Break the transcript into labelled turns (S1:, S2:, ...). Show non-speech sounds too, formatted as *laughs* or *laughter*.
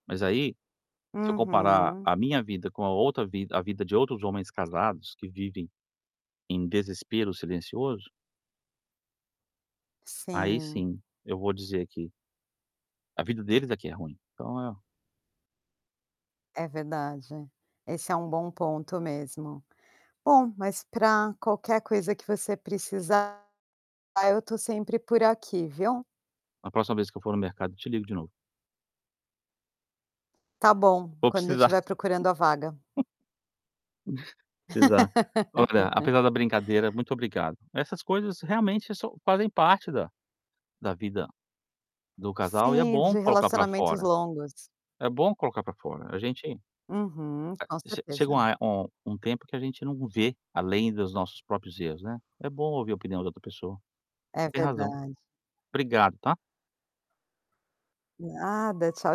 S1: Mas, aí, se eu comparar
S2: Uhum.
S1: a minha vida com a outra vida a vida de outros homens casados que vivem, em desespero silencioso aí
S2: Sim.
S1: sim, eu vou dizer que a vida deles aqui é ruim. Então, é
S2: É verdade, esse é um bom ponto mesmo. Bom, mas para qualquer coisa que você precisar, eu estou sempre por aqui, viu?
S1: Na próxima vez que eu for no mercado, eu te ligo de novo.
S2: Tá bom,
S1: Vou
S2: quando eu
S1: precisar.
S2: estiver procurando a vaga.
S1: *chuckles* *chuckles* Exat Olha, apesar da
S2: *laughs*
S1: brincadeira, muito obrigado. Essas coisas, realmente, so fazem parte da da vida do casal e é
S2: Sim,
S1: bom
S2: de
S1: colocar para
S2: relacionamentos
S1: fora.
S2: longos.
S1: É bom colocar para fora, a gente
S2: Uhum. Com
S1: A chega um
S2: certeza.
S1: um um tempo que a gente não vê além dos nossos próprios erros, né. É bom ouvir a opinião de outra pessoa.
S2: É
S1: Você tem razão.
S2: verdade.
S1: Obrigado, tá?
S2: Nada, tchau